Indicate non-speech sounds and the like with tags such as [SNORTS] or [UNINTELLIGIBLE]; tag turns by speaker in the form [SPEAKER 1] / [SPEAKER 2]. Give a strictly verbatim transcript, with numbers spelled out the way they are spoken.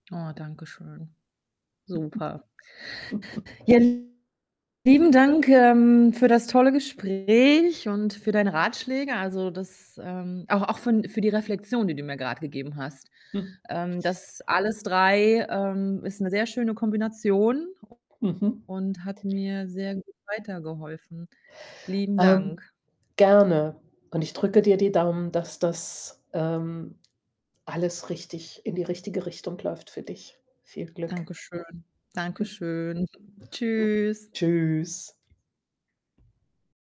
[SPEAKER 1] Oh, danke schön. Super.
[SPEAKER 2] [CHUCKLES]
[SPEAKER 1] Ja, lieben Dank, ähm, für das tolle Gespräch und für deine Ratschläge. Also, das, ähm auch auch für 'n für die Reflexion, die du mir grad gegeben hast.
[SPEAKER 2] [SNORTS]
[SPEAKER 1] Ähm, das alles drei, ähm, ist 'ne sehr schöne Kombination u
[SPEAKER 2] Mhm.
[SPEAKER 1] und hat mir sehr gut weitergeholfen. Lieben
[SPEAKER 2] Ähm,
[SPEAKER 1] Dank.
[SPEAKER 2] gerne und ich drücke dir die Daumen, dass das, ähm, alles richtig in die richtige Richtung läuft für dich. Viel Glück.
[SPEAKER 1] Danke schön. Danke schön.
[SPEAKER 2] [CHUCKLES]
[SPEAKER 1] Tschüss.
[SPEAKER 2] [UNINTELLIGIBLE] .Tschüss.